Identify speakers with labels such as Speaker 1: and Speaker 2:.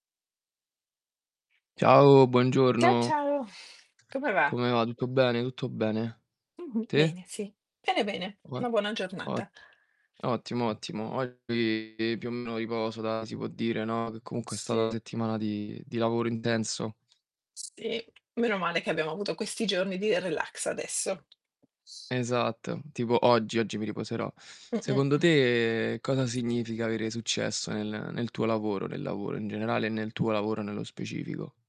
Speaker 1: Ciao,
Speaker 2: Ciao,
Speaker 1: buongiorno.
Speaker 2: ciao. Come va?
Speaker 1: Come va? Tutto bene, tutto bene.
Speaker 2: Mh-mh.
Speaker 1: Te?
Speaker 2: Bene, sì. Bene, bene,
Speaker 1: Qua
Speaker 2: una buona
Speaker 1: O
Speaker 2: giornata.
Speaker 1: ottimo, ottimo. Oggi, più o meno, riposo da si può dire, no, che comunque è stata una
Speaker 2: Sì.
Speaker 1: settimana di di lavoro intenso.
Speaker 2: Sì. Meno male che abbiamo avuto questi giorni di relax adesso. S
Speaker 1: Esatto, tipo oggi, oggi mi riposerò.
Speaker 2: Mh-mh.
Speaker 1: Secondo te, cosa significa avere successo nel nel tuo lavoro, nel lavoro in generale e nel tuo lavoro nello specifico?